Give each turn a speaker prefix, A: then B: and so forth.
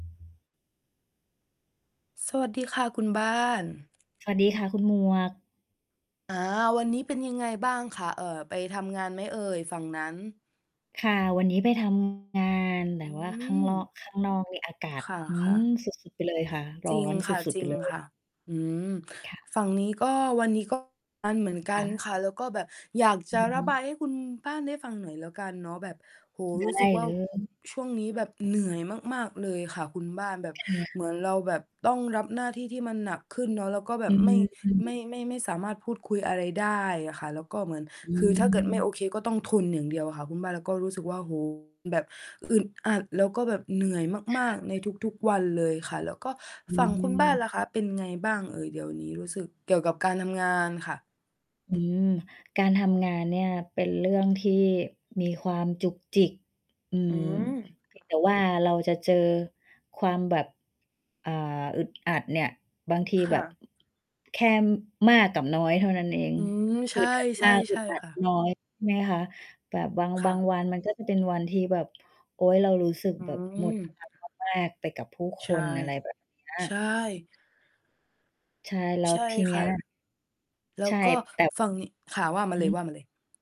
A: สวัสดีค่ะคุณบ้าน
B: สวัสดีค่ะ คุณหมวก
A: อา วันนี้เป็นยังไงบ้างคะ เอ่อ ไปทำงานไหมเอ่ยฝั่งนั้น?
B: ค่ะ วันนี้ไป ทำ งาน แต
A: อ
B: ่
A: ื
B: ว่าข้างลอ
A: ม
B: ก ข้างนอกนี่อากาศ
A: ค่ะ
B: อื
A: ค่ะ
B: ม สุด ๆ ไปเลยค่ะ ร
A: จ
B: ้อ
A: ริง
B: น
A: ค
B: ส
A: ่ะ
B: ุด
A: จ
B: ๆ
A: ร
B: ไ
A: ิ
B: ป
A: ง
B: เล
A: ค
B: ย
A: ่ะ อืม
B: ค่ะ
A: ฝั่งนี้ ก็ วันนี้ ก็ทำ งานเหมือนก
B: ค
A: ัน
B: ่ะ
A: ค่ะ แล้วก็แบบอยากจ
B: อื
A: ะ
B: อ
A: ร
B: ฮ
A: ะ
B: ึ
A: บายให้คุณบ้านได้ฟังหน่อยแล้วกันเนาะ แบบ โอ้โฮ
B: ได
A: รู้สึ
B: ้
A: กว่า
B: เลย
A: ช่วงนี้แบบเหนื่อยมาก ๆ เลยค่ะคุณบ้าน แบบ
B: ค่ะ
A: เหมือนเราแบบต้องรับหน้าที่ที่มันหนักขึ้นเนาะ แล้วก็แบ
B: อ
A: บ
B: ื
A: ไม่ ไม
B: ม
A: ่ ไม่ ไม่สามารถพูดคุยอะไรได้อะค่ะ แล้วก็เหมือน
B: อื
A: คือถ้าเกิดไม่โอ
B: ม
A: เคก็ต้องทนอย่างเดียวค่ะคุณบ้าน แล้วก็รู้สึกว่า โอ้โฮ แบบ อึดอัด แล้วก็แบบเหนื่อย
B: ค
A: มา
B: ่
A: ก ๆ ใน
B: ะ
A: ทุก ๆ วันเลยค่ะ แล้วก็
B: อื
A: ฝั่งคุณบ้านล่ะ
B: ม
A: คะเป็นยังไงบ้างเอ่ย เดี๋ยวนี้รู้สึกเกี่ยวกับการทำงานค่ะ?
B: อืม การทำงานเนี่ยเป็นเรื่องที่มีความจุกจิก อื
A: อื
B: ม
A: ม
B: เพียง แต่ว่า เราจะเจอความแบบ อ่า อึดอัดเนี่ย บางที
A: ค
B: แบ
A: ่
B: บ
A: ะ
B: แค่มากกับน้อยเท่านั้นเอง
A: อืม ใช
B: อึ
A: ่
B: ดอัด
A: ใช
B: ม
A: ่
B: าก อ
A: ใ
B: ึ
A: ช่
B: ดอั
A: ค
B: ด
A: ่ะ
B: น้อย ใช่ไหมคะ แบบบาง
A: ค
B: บ
A: ่
B: าง
A: ะ
B: วันมันก็จะเป็นวันที่แบบ โอ๊ย เรารู้สึก
A: อื
B: แบบ หมดพ
A: ม
B: ลังมาก ๆ ไปกับผู้ค
A: ใช่
B: น อะไร แบบ เนี้
A: ใช
B: ย
A: ่
B: ใช่ แล้
A: ใ
B: ว
A: ช่
B: ทีเน
A: ค
B: ี้
A: ่ะ
B: ย
A: แล้
B: ใช
A: ว
B: ่
A: ก็
B: แต่
A: ฟังข่าว ว่ามา
B: อื
A: เลย ว่
B: อ
A: ามาเลย